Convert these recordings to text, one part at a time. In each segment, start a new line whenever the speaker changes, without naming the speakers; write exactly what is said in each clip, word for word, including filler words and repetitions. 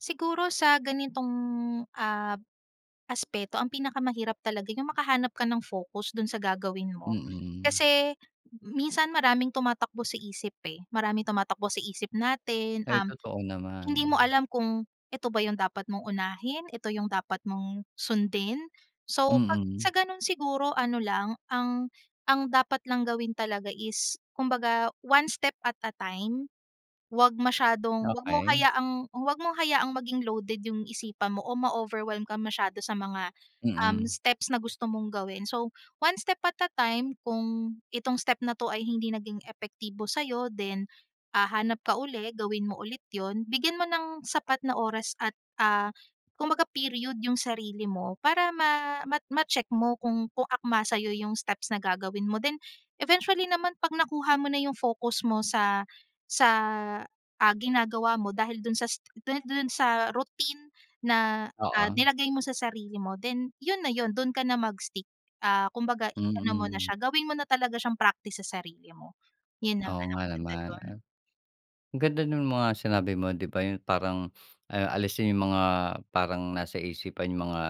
Siguro sa ganitong, ah, aspeto, ang pinakamahirap talaga yung makahanap ka ng focus do’n sa gagawin mo.
Mm.
Kasi m minsan maraming tumatakbo sa isip eh. Maraming tumatakbo sa isip natin,
Ay,
um,
totoo
hindi mo
naman.
alam kung ito ba yung dapat mong unahin, ito yung dapat mong sundin? So, ‘pag
Mm.
sa gano’n siguro, ano lang ang ang dapat lang gawin talaga is kumbaga, one step at a time. ‘Wag masyadong ‘wag mong
Okey.
hayaang ‘wag mong hayaang maging loaded yung isipan mo o ma-overwhelm kang masyado sa mga, um,
Mm.
steps na gusto mong gawin. So, one step at a time. Kung itong step na ‘to ay hindi naging epektibo sa’yo, then, ah, hanap ka uli, gawin mo ulit ‘yon. Bigyan mo ng sapat na oras at, ah, kumbaga period 'yong sarili mo para ma ma ma-check mo kung kung akma sa’yo yung steps na gagawin mo. Then, eventually naman 'pag nakuha mo na yung focus mo sa sa, ah, ginagawa mo dahil do’n sa do do’n sa routine na, ah,
Oo.
nilagay mo sa sarili mo, then ‘yon na yun. Do’n ka na mag-stick. Ah, kumbaga i ano mo na
Mm.
siya, gawin mo na talaga siyang practice sa sarili mo. Yun naman
Oo
ang
nga
maganda
naman,
do’n.
ah. Ganda nung mga sinabi mo, di ba, yun parang, ah, alisin yung mga parang nasa isipan. Yung mga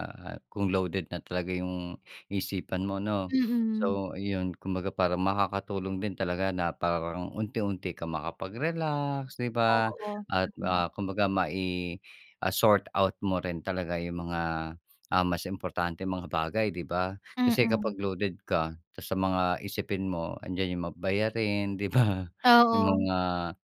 kung loaded na talaga yung isipan mo, 'no?
Mm.
So yun, kumbaga, parang makakatulong din talaga na parang unti-unti ka makapag-relax, di ba?
Oo,
At,
yun nga.
ah, kumbaga mai ah, sort out mo rin talaga yung mga, ah, mas importanteng mga bagay, di ba? Kasi
Mm.
kapag loaded ka sa mga isipin mo 'andiyan yung mga bayarin, di ba? Yung
Oo.
mga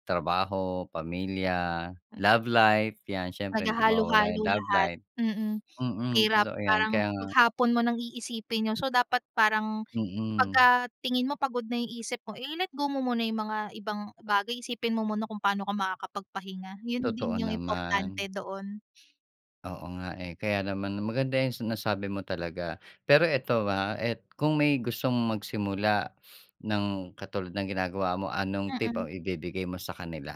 trabaho, pamilya,
Hmm.
love life. Yan, siyempre hindi mawawala
Maghalo-halo
yung love
lahat,
life.
mm.
Mm,
Mahirap
totoo yan.
parang
Kaya nga
maghapon mo nang iisipin yun. So dapat parang
Mm.
pagka tingin mo pagod na isip mo, eh, ile-let go mo muna yung mga ibang bagay. Isipin mo muna kung paano ka makakapagpahinga. 'Yon din
Totoo
yung
naman.
importante doon.
Oo nga eh. Kaya naman maganda 'yang sinasabi mo talaga. Pero ito, ah, at kung may gustong magsimula ng katulad ng ginagawa mo, anong tip
Mm.
ang ibibigay mo sa kanila?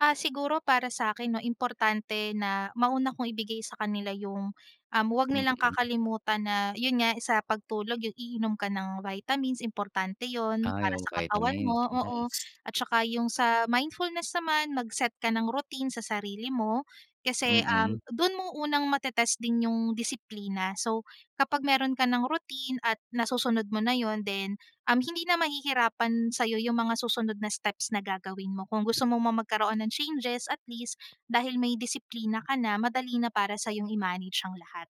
Ah, siguro para sa’kin 'no, importante na mauna kong ibigay sa kanila yung, um, ‘wag nilang
Mm.
kakalimutan na 'yon nga, sa pagtulog yung iinom ka ng vitamins importante yun
Ah,
para sa
yung
katawan
vitamins,
mo, oo.
nice.
At saka yung sa mindfulness naman mag-set ka ng routine sa sarili mo kasi, um,
Mm.
do’n mo unang mate-test din yung disiplina. So, kapag meron ka ng routine at nasusunod mo na 'yon then, um, hindi na mahihirapan sa’yo yung mga susunod na steps na gagawin mo. Kung gusto mo magkaroon ng changes, at least, dahil may disiplina ka na, madali na para sa'yong i-manage ang lahat.